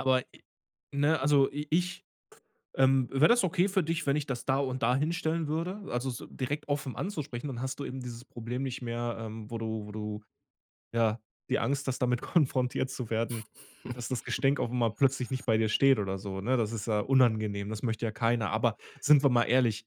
Aber e ne, also i ich ähm: „Wäre das okay für dich, wenn ich das da und da hinstellen würde?“ Also s direkt offen anzusprechen, dann hast du eben dieses Problem nicht mehr, ähm, wo du wo du, ja, die Angst hast, damit konfrontiert zu werden, dass das Gestänk auf'm mal plötzlich nicht bei dir steht oder so, ne? Das ist ja unangenehm, das möchte ja keiner, aber sind wir mal ehrlich,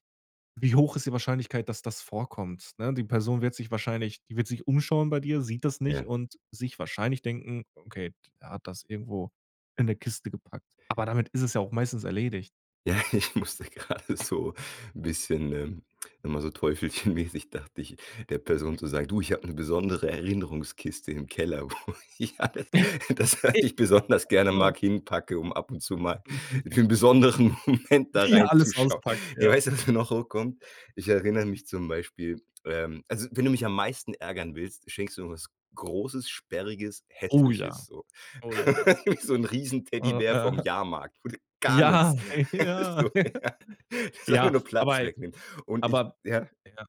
wie hoch ist die Wahrscheinlichkeit, dass das vorkommt, ne? Die Person wird sich wahrscheinlich die wird sich umschauen bei dir, sieht das nicht Ja. und sich wahrscheinlich denken: „Okay, der hat das irgendwo in 'ne Kiste gepackt“, aber damit ist es ja auch meistens erledigt. Ja, ich musste grade so 'n bisschen, ähm, immer so teufelchenmäßig dachte ich, der Person zu sagen: „Du, ich habe 'ne besondere Erinnerungskiste im Keller, wo ich alles das was ich besonders [unintelligible] gerne mag, Genau. hinpacke, um ab und zu mal Mhm, hm. für 'n besonderen Moment da Wie ihr alles reinzuschauen.“ auspackt, Ja, ja. weißt du, was mir noch hochkommt? Ich erinnere mich zum Beispiel, ähm also wenn du mich am meisten ärgern willst, schenkst du mir was Großes, Sperriges, Oh Hässliches ja, so. oh ja. Wie so 'n riesen Oh, Teddybär vom ja. Jahrmarkt oder gar Ja, nix. ey, ja So, ja. Ist einfach ja, nur aber Platz ey wegnehmen. Und ich aber ja? ja.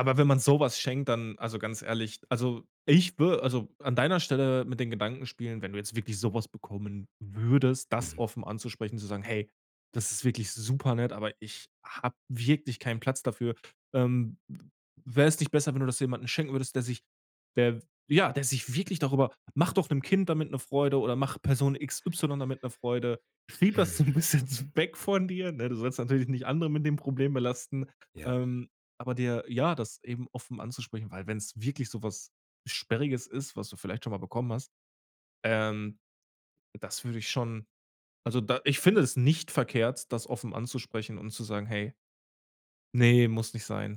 Aber wenn man so was schenkt, dann, also ganz ehrlich, also, ich wür also, an deiner Stelle mit den Gedanken spielen, wenn du jetzt wirklich so was bekommen würdest, das Mhm. offen anzusprechen, zu sagen: „Hey, das ist wirklich super nett, aber ich habe wirklich keinen Platz dafür, ähm, wäre es nicht besser, wenn du das jemanden schenken würdest, der sich der ja, der sich wirklich darüber mach doch 'nem Kind damit 'ne Freude oder mach Person XY damit 'ne Freude“, schieb das so 'n Hm. bisschen s weg von dir, ne, du sollst natürlich nicht andere mit dem Problem belasten, Ja. ähm, aber dir ja, das eben offen anzusprechen, weil wenn's wirklich so was Sperriges ist, was du vielleicht schon mal bekommen hast, ähm, das würde ich schon, also da ich finde es nicht verkehrt, das offen anzusprechen und zu sagen: „Hey, ne, muss nicht sein.“